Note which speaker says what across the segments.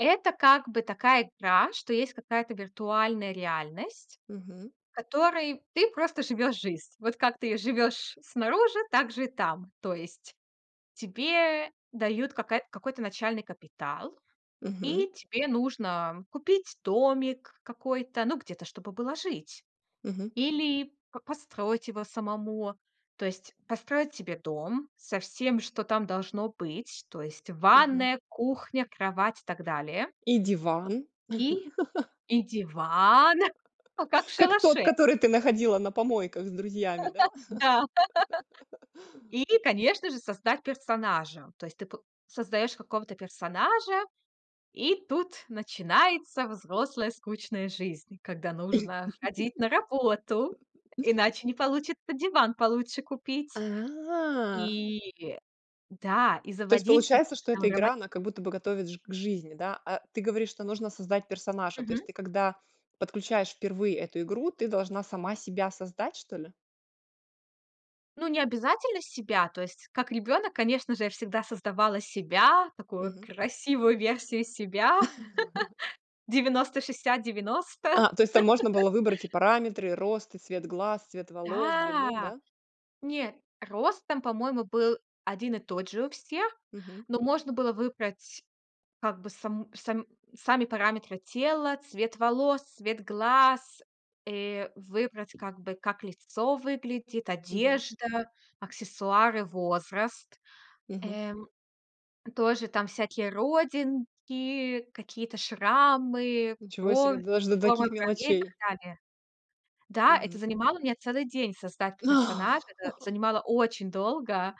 Speaker 1: Это как бы такая игра, что есть какая-то виртуальная реальность,
Speaker 2: Мгм.
Speaker 1: в которой ты просто живёшь жизнь. Вот как ты живёшь снаружи, так же и там. То есть тебе дают какая какой-то начальный капитал,
Speaker 2: Мгм.
Speaker 1: и тебе нужно купить домик какой-то, ну, где-то, чтобы было жить.
Speaker 2: Мгм.
Speaker 1: Или п построить его самому. То есть построить себе дом со всем, что там должно быть. То есть
Speaker 2: Мгм.
Speaker 1: ванная, кухня, кровать и так далее.
Speaker 2: И диван.
Speaker 1: И и диван, ну, как в
Speaker 2: Как тот,
Speaker 1: шалаше.
Speaker 2: который ты находила на помойках с друзьями, да?
Speaker 1: Да. И, конечно же, создать персонажа. То есть п ты создаёшь какого-то персонажа, и тут начинается взрослая скучная жизнь, когда нужно ходить на работу, иначе не получится диван получше купить.
Speaker 2: А.
Speaker 1: И да, и
Speaker 2: То есть
Speaker 1: заводить
Speaker 2: получается,
Speaker 1: какие-то
Speaker 2: что
Speaker 1: там
Speaker 2: эта
Speaker 1: роман
Speaker 2: игра, она как будто бы готовит ж к жизни, да, а ты говоришь, что нужно создать персонажа. То
Speaker 1: Мгм.
Speaker 2: есть ты, когда подключаешь впервые эту игру, ты должна сама себя создать, что ли?
Speaker 1: Ну не обязательно себя. То есть, как ребёнок, конечно же, я всегда создавала себя. Такую
Speaker 2: Мгм.
Speaker 1: красивую версию себя. 90-60-90.
Speaker 2: А, то есть там можно было выбрать и параметры: рост и цвет глаз, цвет волос, длину,
Speaker 1: Да.
Speaker 2: да?
Speaker 1: Не, рост там, по-моему, был 1 и тот же у всех,
Speaker 2: Мгм.
Speaker 1: но можно было выбрать, как бы, само сам сами параметры тела, цвет волос, цвет глаз. Э, выбрать, как бы, как лицо выглядит,
Speaker 2: Мгм.
Speaker 1: одежда, аксессуары, возраст.
Speaker 2: Мгм.
Speaker 1: Э, м, тоже там всякие родинки, какие-то шрамы,
Speaker 2: Ничего себе,
Speaker 1: бровь,
Speaker 2: даже до
Speaker 1: форма
Speaker 2: таких
Speaker 1: бровей и так
Speaker 2: мелочей.
Speaker 1: далее. Да, это
Speaker 2: Мгм.
Speaker 1: занимало меня целый день создать п персонажа. Это занимало очень долго.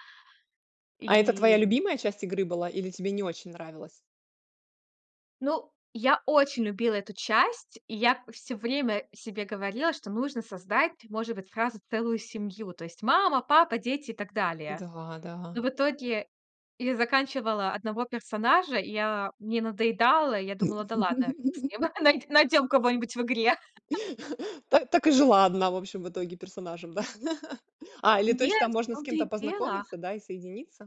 Speaker 2: А это твоя
Speaker 1: И
Speaker 2: любимая часть игры была или тебе не очень нравилась?
Speaker 1: Ну, я очень любила эту часть. И я всё время себе говорила, что нужно создать, может быть, сразу целую семью. То есть мама, папа, дети и так далее.
Speaker 2: Да,
Speaker 1: Но
Speaker 2: да.
Speaker 1: в итоге я заканчивала 1 персонажа, и мне надоедало. Я думала: "Да ладно, фиг с ним, най найдем кого-нибудь в игре".
Speaker 2: Та так и жила одна, в общем, в итоге персонажем, да. А, или то есть там
Speaker 1: Нет, в
Speaker 2: можно с
Speaker 1: том-то
Speaker 2: кем-то
Speaker 1: и дело.
Speaker 2: познакомиться, да, и соединиться?